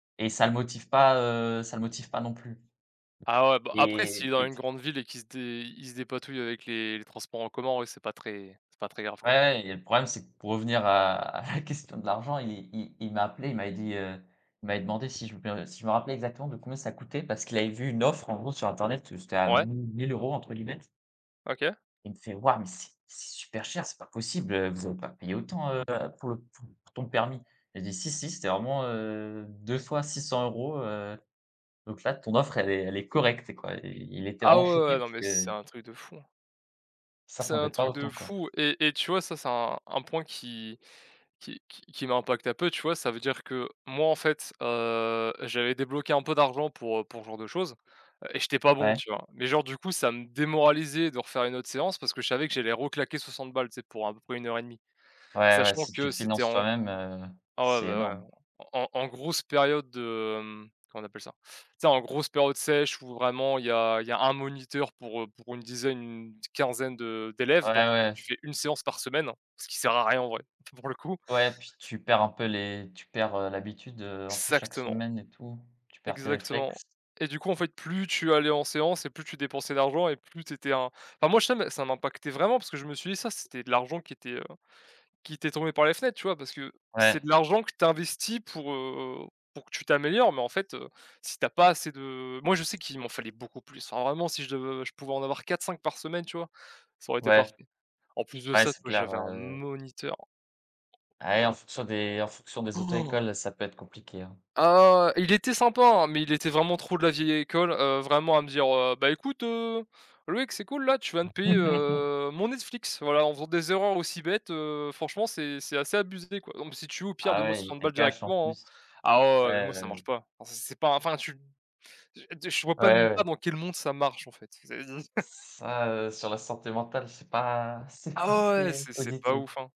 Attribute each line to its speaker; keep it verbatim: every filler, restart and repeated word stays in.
Speaker 1: Et ça le motive pas, heu, ça le motive pas non plus.
Speaker 2: Ah ouais, bah après s'il
Speaker 1: Et
Speaker 2: est dans
Speaker 1: et p
Speaker 2: une grande ville et qu'il se dé il se dépatouille avec les les transports en commun, oui c'est pas très c'est pas très grave quoi.
Speaker 1: Ouais et le problème, c'est que pour revenir à à la question de l'argent, il est i il m'a appelé, il m'avait dit, heu, il m'avait demandé si je me si je me rappelais exactement de combien ça coûtait parce qu'il avait vu une offre en gros sur internet, heu, c'était à
Speaker 2: Ouais.
Speaker 1: «mi mille euros» entre guillemets.
Speaker 2: OK.
Speaker 1: Il me fait: «Waouh mais c'est c'est super cher, c'est pas possible, heu, vous allez pas payer autant, heu, pour le pour pour ton permis?». J'ai dit: «Si si c'était vraiment, heu, deux fois six cents euros, heu, donc là ton offre elle est elle est correcte quoi» et i il était
Speaker 2: Ah ouais, ouais,
Speaker 1: enchanté
Speaker 2: ouais non
Speaker 1: parce
Speaker 2: mais c c'est
Speaker 1: que
Speaker 2: un truc de fou!
Speaker 1: il
Speaker 2: C'est un
Speaker 1: s'attendait pas
Speaker 2: truc de
Speaker 1: autant quoi.
Speaker 2: fou et et tu vois? Ça c'est un un point qui qui qui qui m'impacte un peu, tu vois? Ça veut dire que moi en fait, heu, j'avais débloqué un peu d'argent pour, heu, pour ce genre de chose et j'étais pas bon
Speaker 1: Ouais.
Speaker 2: tu vois? Mais genre du coup, ça me démoralisait de refaire une autre séance parce que je savais que j'allais reclaquer soixante balles tu sais, pour à peu près une heure et demie.
Speaker 1: Ouais, ouais
Speaker 2: Sachant
Speaker 1: si tu
Speaker 2: que
Speaker 1: le
Speaker 2: c'était
Speaker 1: finances
Speaker 2: en
Speaker 1: toi-même, heu,
Speaker 2: ah ouais
Speaker 1: c'est énorme.
Speaker 2: bah ouais en en grosse période de, hem, comment on appelle ça? Tu sais en grosse période sèche où vraiment il y a il y a un moniteur pour, heu, pour une dizaine, une t quinzaine de d'élèves,
Speaker 1: Ouais,
Speaker 2: donc en fait
Speaker 1: ouais.
Speaker 2: tu fais une séance par semaine, ce qui sert à rien en vrai, p pour le coup.
Speaker 1: Ouais, puis
Speaker 2: C
Speaker 1: tu perds un peu les tu perds, heu, l'habitude, heu, entre chaque
Speaker 2: xactement.
Speaker 1: semaine et tout, tu perds tes
Speaker 2: Exactement
Speaker 1: réflexes.
Speaker 2: et du coup en fait, plus tu allais en séance et plus tu dépensais d'argent et plus tu étais un enfin moi je sais mais ça m'impactait vraiment parce que je me suis dit: «Ça, c'était de l'argent qui était, heu, qui était tombé par les fenêtres», tu vois? Parce que c'est
Speaker 1: Ouais.
Speaker 2: de l'argent que tu investis pour, heu, pour que tu t'améliores, mais en fait, heu, si tu as pas assez de moi, je sais qu'il m'en fallait beaucoup plus. Enfin vraiment si je je pouvais en avoir quatre-cinq par semaine tu vois? Ça aurait été
Speaker 1: Ouais.
Speaker 2: parfait. En plus de
Speaker 1: Ouais,
Speaker 2: ça tu
Speaker 1: c'est
Speaker 2: vois
Speaker 1: clair,
Speaker 2: j'avais un
Speaker 1: heu
Speaker 2: moniteur.
Speaker 1: Ah ouais en fonction des en fonction des auto-écoles, ça peut être compliqué hein.
Speaker 2: Ah, ouais, ouais, il était sympa hein, mais il était vraiment trop de la vieille école, heu, vraiment à me dire, heu: «Beh écoute, heu, Loïc, c'est cool là, tu vas me payer, heu, mon Netflix voilà en faisant des erreurs aussi bêtes, heu, franchement c'est c'est assez abusé quoi, donc si tu veux au pire
Speaker 1: Ah
Speaker 2: donne moi
Speaker 1: ouais, il
Speaker 2: soixante
Speaker 1: était
Speaker 2: balles
Speaker 1: cash en
Speaker 2: directement hein».
Speaker 1: plus.
Speaker 2: Ah ouais,
Speaker 1: Ouais
Speaker 2: ouais mais moi ça
Speaker 1: ouais.
Speaker 2: marche pas, enfin c'est c'est pas un enfin tu m je de ch je vois
Speaker 1: Ouais,
Speaker 2: p même
Speaker 1: ouais.
Speaker 2: pas dans quel monde ça marche en fait c'est du
Speaker 1: Ç ça, heu, sur la santé mentale, c'est pas c'est
Speaker 2: Ah
Speaker 1: pas
Speaker 2: ouais, ouais,
Speaker 1: très
Speaker 2: c'est c'est pas
Speaker 1: positif.
Speaker 2: ouf hein.